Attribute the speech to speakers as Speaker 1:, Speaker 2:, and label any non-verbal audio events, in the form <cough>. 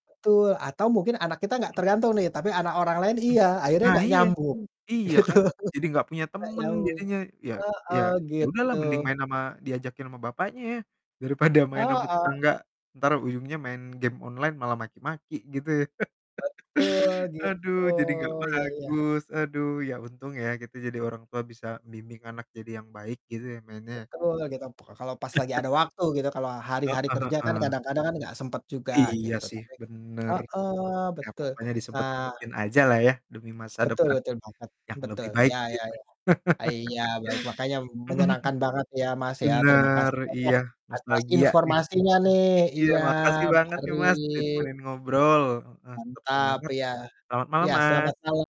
Speaker 1: Betul, atau mungkin anak kita nggak
Speaker 2: Mhm.
Speaker 1: tergantung nih, tapi anak orang lain
Speaker 2: Hmm,
Speaker 1: iya, akhirnya
Speaker 2: nah
Speaker 1: nggak
Speaker 2: iya.
Speaker 1: nyambung
Speaker 2: Iya
Speaker 1: gitu.
Speaker 2: kan jadi gak punya
Speaker 1: Nggak
Speaker 2: temen
Speaker 1: nyambung,
Speaker 2: jadinya ya ya
Speaker 1: heeh,
Speaker 2: ya udah
Speaker 1: gitu.
Speaker 2: lah mending main sama diajakin sama bapaknya ya, daripada main sama
Speaker 1: Heeh.
Speaker 2: tetangga entar ujungnya main game online malah maki-maki gitu ya.
Speaker 1: Betul,
Speaker 2: <laughs> Aduh
Speaker 1: gitu,
Speaker 2: jadi gak
Speaker 1: iya iya.
Speaker 2: bagus, aduh, ya untung ya kita jadi orang tua bisa membimbing anak jadi yang baik gitu ya, mainnya.
Speaker 1: Betul gitu, pek kalau pas lagi ada
Speaker 2: <laughs>
Speaker 1: waktu gitu kalau hari-hari
Speaker 2: Heeh
Speaker 1: kerja kan
Speaker 2: heeh.
Speaker 1: kadang-kadang kan nggak sempet juga
Speaker 2: Iya
Speaker 1: gitu,
Speaker 2: sih
Speaker 1: tapi
Speaker 2: bener,
Speaker 1: heeh,
Speaker 2: ya
Speaker 1: betul.
Speaker 2: pokoknya
Speaker 1: Nah
Speaker 2: disempet-sempetin aja lah ya, demi masa
Speaker 1: Betul
Speaker 2: depan
Speaker 1: betul banget,
Speaker 2: yang lebih
Speaker 1: betul,
Speaker 2: baik
Speaker 1: ya ya
Speaker 2: gitu.
Speaker 1: ya,
Speaker 2: <laughs>
Speaker 1: eee, iya, baik makanya
Speaker 2: Mhm mhm,
Speaker 1: menyenangkan banget ya, Mas, ya terima
Speaker 2: benar,
Speaker 1: kasih banyak
Speaker 2: iya, Mas,
Speaker 1: atas
Speaker 2: bahagia nih
Speaker 1: informasinya nih,
Speaker 2: iya
Speaker 1: iya
Speaker 2: makasih banget
Speaker 1: mari.
Speaker 2: nih, Mas, ditemenin ngobrol, heeh, tetep
Speaker 1: Mantap
Speaker 2: semangat.
Speaker 1: iya.
Speaker 2: Selamat malam,
Speaker 1: Ya
Speaker 2: Mas.
Speaker 1: selamat malam.